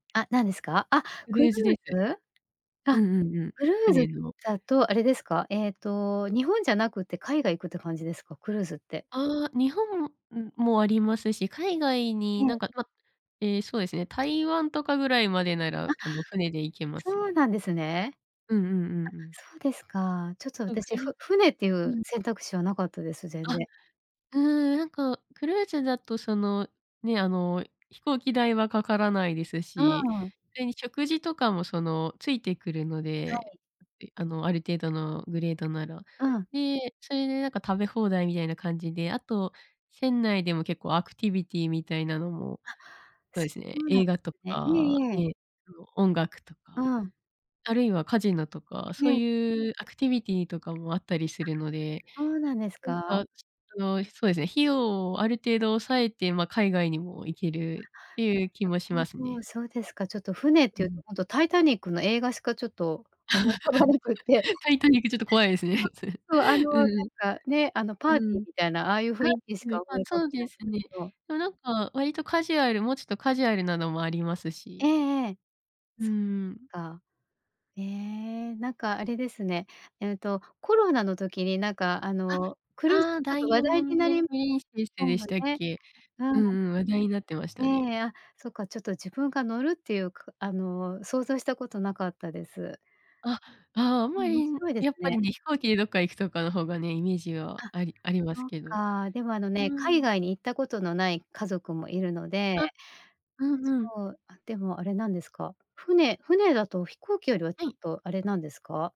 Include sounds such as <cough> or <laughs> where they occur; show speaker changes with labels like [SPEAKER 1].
[SPEAKER 1] あ、なんですか？あ、
[SPEAKER 2] クル
[SPEAKER 1] クル
[SPEAKER 2] ーズです。
[SPEAKER 1] ーズ？
[SPEAKER 2] う
[SPEAKER 1] あ、
[SPEAKER 2] んうんうん。
[SPEAKER 1] クルーズ
[SPEAKER 2] 船の。
[SPEAKER 1] だとあれですか？ええと日本じゃなくて海外行くって感じですか？クルーズって。
[SPEAKER 2] ああ、日本、ん、もありますし、海外
[SPEAKER 1] え
[SPEAKER 2] になん
[SPEAKER 1] え。
[SPEAKER 2] か、まええ、そうですね、台湾とかぐらいまでなら、
[SPEAKER 1] あ、
[SPEAKER 2] あの、船で行けます
[SPEAKER 1] そう
[SPEAKER 2] ね。
[SPEAKER 1] なんですね。あ、
[SPEAKER 2] うんうんうんうん。
[SPEAKER 1] そうですか。ちょっと
[SPEAKER 2] あ、う
[SPEAKER 1] 私、
[SPEAKER 2] けみ
[SPEAKER 1] ふ船ってい
[SPEAKER 2] う
[SPEAKER 1] う
[SPEAKER 2] ん。
[SPEAKER 1] 選択肢はなかったです、全
[SPEAKER 2] あ、
[SPEAKER 1] 然。
[SPEAKER 2] うーん、なんか、クルーズだとその、ね、あの飛行機代はかからないです
[SPEAKER 1] う
[SPEAKER 2] し、
[SPEAKER 1] ん。
[SPEAKER 2] それに食事とかもその、付いてくるの
[SPEAKER 1] は
[SPEAKER 2] で、
[SPEAKER 1] い。
[SPEAKER 2] いあの、ある程度のグレードなら。
[SPEAKER 1] うん。
[SPEAKER 2] で、それでなんか食べ放題みたいな感じで、あと、船内でも結構アクティビティみたいなのも
[SPEAKER 1] は、
[SPEAKER 2] そう
[SPEAKER 1] そ
[SPEAKER 2] ですね、
[SPEAKER 1] うな
[SPEAKER 2] 映画と
[SPEAKER 1] ね、いえ
[SPEAKER 2] か、
[SPEAKER 1] いえ。
[SPEAKER 2] えっと、音楽と
[SPEAKER 1] う
[SPEAKER 2] か、
[SPEAKER 1] ん。
[SPEAKER 2] あるいはカジノとか、
[SPEAKER 1] い
[SPEAKER 2] そう
[SPEAKER 1] え。
[SPEAKER 2] いうアクティビティとかもあったりす
[SPEAKER 1] あ、
[SPEAKER 2] るので、
[SPEAKER 1] そうなんです
[SPEAKER 2] な
[SPEAKER 1] か？
[SPEAKER 2] んかその、そうですね、費用をある程度抑えて、ま、海外にも行け
[SPEAKER 1] あ、
[SPEAKER 2] るっていう気もし
[SPEAKER 1] な
[SPEAKER 2] ま
[SPEAKER 1] る
[SPEAKER 2] す
[SPEAKER 1] ほ
[SPEAKER 2] ね。
[SPEAKER 1] ど。そうですか。ちょっと船っ
[SPEAKER 2] う
[SPEAKER 1] ていう
[SPEAKER 2] ん。
[SPEAKER 1] とほんとタイタニックの映画しかちょっと思い浮かばなくって
[SPEAKER 2] <laughs>
[SPEAKER 1] <laughs>
[SPEAKER 2] タイタニックちょっと怖いですね、それ。
[SPEAKER 1] そうそうあの、
[SPEAKER 2] う
[SPEAKER 1] なん
[SPEAKER 2] ん
[SPEAKER 1] かね、あの、パ
[SPEAKER 2] う
[SPEAKER 1] ーテ
[SPEAKER 2] ん。う
[SPEAKER 1] ィ
[SPEAKER 2] ー
[SPEAKER 1] ー
[SPEAKER 2] ん。
[SPEAKER 1] みたいなああいう雰囲気し
[SPEAKER 2] あ、ね、
[SPEAKER 1] か
[SPEAKER 2] ま、
[SPEAKER 1] 思い浮かば
[SPEAKER 2] そう
[SPEAKER 1] な
[SPEAKER 2] で
[SPEAKER 1] い
[SPEAKER 2] すね。
[SPEAKER 1] けど。
[SPEAKER 2] でもなんか割とカジュアルもうちょっとカジュアルなのもあります
[SPEAKER 1] え
[SPEAKER 2] し
[SPEAKER 1] えええ。
[SPEAKER 2] うー
[SPEAKER 1] そっ
[SPEAKER 2] ん。
[SPEAKER 1] か。ええ、なんかあれですね、ええとコロナの時になんかあ
[SPEAKER 2] あ、
[SPEAKER 1] の、クルーズ、
[SPEAKER 2] ああ、
[SPEAKER 1] ちょっ
[SPEAKER 2] ダ
[SPEAKER 1] と
[SPEAKER 2] イ
[SPEAKER 1] 話
[SPEAKER 2] ヤモ
[SPEAKER 1] 題に
[SPEAKER 2] ン
[SPEAKER 1] な
[SPEAKER 2] ド
[SPEAKER 1] り
[SPEAKER 2] プリンセス
[SPEAKER 1] そう
[SPEAKER 2] でし
[SPEAKER 1] な、
[SPEAKER 2] たっ
[SPEAKER 1] ね。
[SPEAKER 2] け？
[SPEAKER 1] う
[SPEAKER 2] うんうん、話題になってましたね。
[SPEAKER 1] ん。ええ、あ、そっか、ちょっと自分が乗るっていうこあの、想像したことなかったです。
[SPEAKER 2] あ、ああ、あん
[SPEAKER 1] う
[SPEAKER 2] ま
[SPEAKER 1] ん、面
[SPEAKER 2] り、ん、
[SPEAKER 1] 白いです
[SPEAKER 2] やっぱり
[SPEAKER 1] ね。
[SPEAKER 2] ね、飛行機でどっか行くとかの方がね、イメージは
[SPEAKER 1] あ、
[SPEAKER 2] ありあります
[SPEAKER 1] そっ
[SPEAKER 2] けど。う
[SPEAKER 1] か、でもあの
[SPEAKER 2] ー
[SPEAKER 1] ね、海
[SPEAKER 2] ん。
[SPEAKER 1] 外に行ったことのない家族もいるので
[SPEAKER 2] あ、うんうん。
[SPEAKER 1] そう、あ、でもあれなんですか？船船だと飛行機よりはち
[SPEAKER 2] は
[SPEAKER 1] ょっ
[SPEAKER 2] い。
[SPEAKER 1] とあれなんですか？